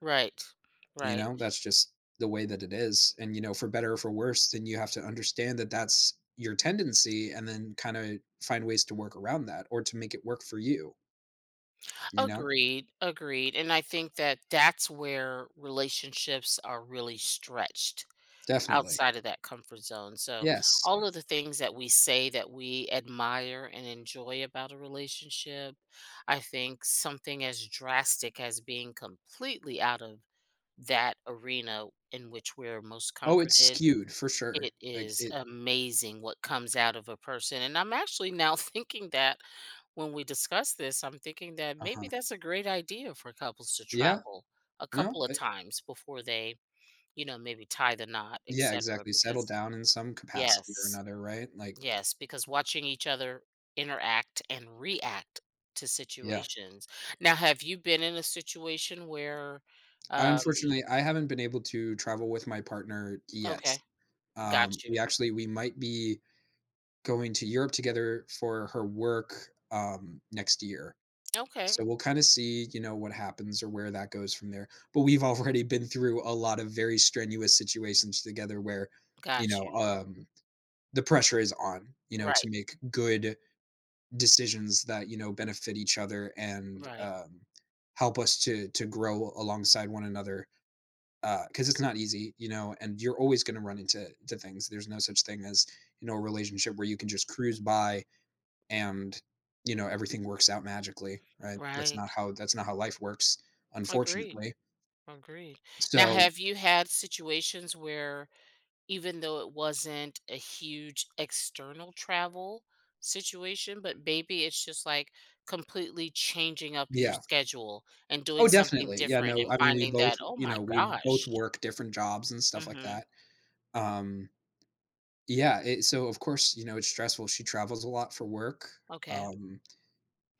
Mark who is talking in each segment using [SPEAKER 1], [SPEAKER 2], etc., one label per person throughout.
[SPEAKER 1] Right,
[SPEAKER 2] You
[SPEAKER 1] right.
[SPEAKER 2] know, that's just the way that it is. And, you know, for better or for worse, then you have to understand that that's your tendency and then kinda find ways to work around that or to make it work for you you know?
[SPEAKER 1] Agreed, agreed. And I think that that's where relationships are really stretched
[SPEAKER 2] Definitely.
[SPEAKER 1] outside of that comfort zone. So
[SPEAKER 2] Yes.
[SPEAKER 1] all of the things that we say that we admire and enjoy about a relationship, I think something as drastic as being completely out of that arena in which we're most
[SPEAKER 2] Oh, it's
[SPEAKER 1] comforted,
[SPEAKER 2] skewed for sure.
[SPEAKER 1] it
[SPEAKER 2] Like,
[SPEAKER 1] is
[SPEAKER 2] it
[SPEAKER 1] amazing what comes out of a person. And I'm actually now thinking that when we discuss this, I'm thinking that maybe
[SPEAKER 2] Uh-huh.
[SPEAKER 1] that's a great idea for couples to
[SPEAKER 2] Yeah.
[SPEAKER 1] travel a
[SPEAKER 2] No,
[SPEAKER 1] couple of
[SPEAKER 2] uh
[SPEAKER 1] times before they, you know, maybe tie the knot,
[SPEAKER 2] Yeah,
[SPEAKER 1] etcetera,
[SPEAKER 2] exactly. Settle
[SPEAKER 1] because
[SPEAKER 2] down in some capacity or
[SPEAKER 1] yes,
[SPEAKER 2] another, right, like
[SPEAKER 1] yes, because watching each other interact and react to
[SPEAKER 2] Yeah.
[SPEAKER 1] situations. Now have you been in a situation where,
[SPEAKER 2] I
[SPEAKER 1] um, y
[SPEAKER 2] unfortunately, I haven't been able to travel with my partner yet,
[SPEAKER 1] Okay.
[SPEAKER 2] um,
[SPEAKER 1] Got
[SPEAKER 2] we
[SPEAKER 1] you.
[SPEAKER 2] actually we might be going to Europe together for her work, um, next year.
[SPEAKER 1] Okay.
[SPEAKER 2] So we'll kinda see, you know, what happens or where that goes from there. But we've already been through a lot of very strenuous situations together where, you
[SPEAKER 1] Got
[SPEAKER 2] know,
[SPEAKER 1] you.
[SPEAKER 2] um, the pressure is on, you know,
[SPEAKER 1] Right.
[SPEAKER 2] to make good decisions that, you know, benefit each other and,
[SPEAKER 1] Right.
[SPEAKER 2] um, help us to to grow alongside one another, uh, 'cause it's not easy, you know, and you're always gonna run into to things. There's no such thing as, you know, a relationship where you can just cruise by and, you know, everything works out magically, right? That's not
[SPEAKER 1] Right.
[SPEAKER 2] how that's not how life works,
[SPEAKER 1] Agree,
[SPEAKER 2] unfortunately.
[SPEAKER 1] agree. Now,
[SPEAKER 2] So
[SPEAKER 1] have you had situations where even though it wasn't a huge external travel situation, but maybe it's just like completely changing up your
[SPEAKER 2] Yeah.
[SPEAKER 1] schedule and
[SPEAKER 2] Oh,
[SPEAKER 1] doing something
[SPEAKER 2] definitely. Yeah.
[SPEAKER 1] different
[SPEAKER 2] No.
[SPEAKER 1] and
[SPEAKER 2] I mean, we
[SPEAKER 1] finding
[SPEAKER 2] both,
[SPEAKER 1] that, oh
[SPEAKER 2] you
[SPEAKER 1] my
[SPEAKER 2] know, we both
[SPEAKER 1] gosh
[SPEAKER 2] work different jobs and stuff like
[SPEAKER 1] Mhm.
[SPEAKER 2] that, um Yeah, i so, of course, you know, it's stressful. She travels a lot for work,
[SPEAKER 1] Okay.
[SPEAKER 2] um,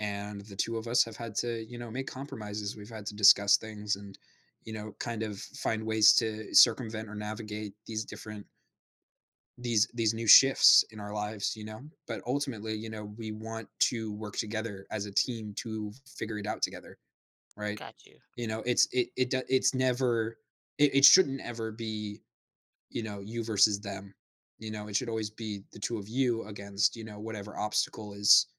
[SPEAKER 2] and the two of us have had to, you know, make compromises. We've had to discuss things and, you know, kind of find ways to circumvent or navigate these different these these new shifts in our lives, you know, but ultimately, you know, we want to work together as a team to figure it out together, right?
[SPEAKER 1] Got you.
[SPEAKER 2] You know, it's it it d it's never it it shouldn't ever be, you know, you versus them, you know? It should always be the 2 of you against, you know, whatever obstacle is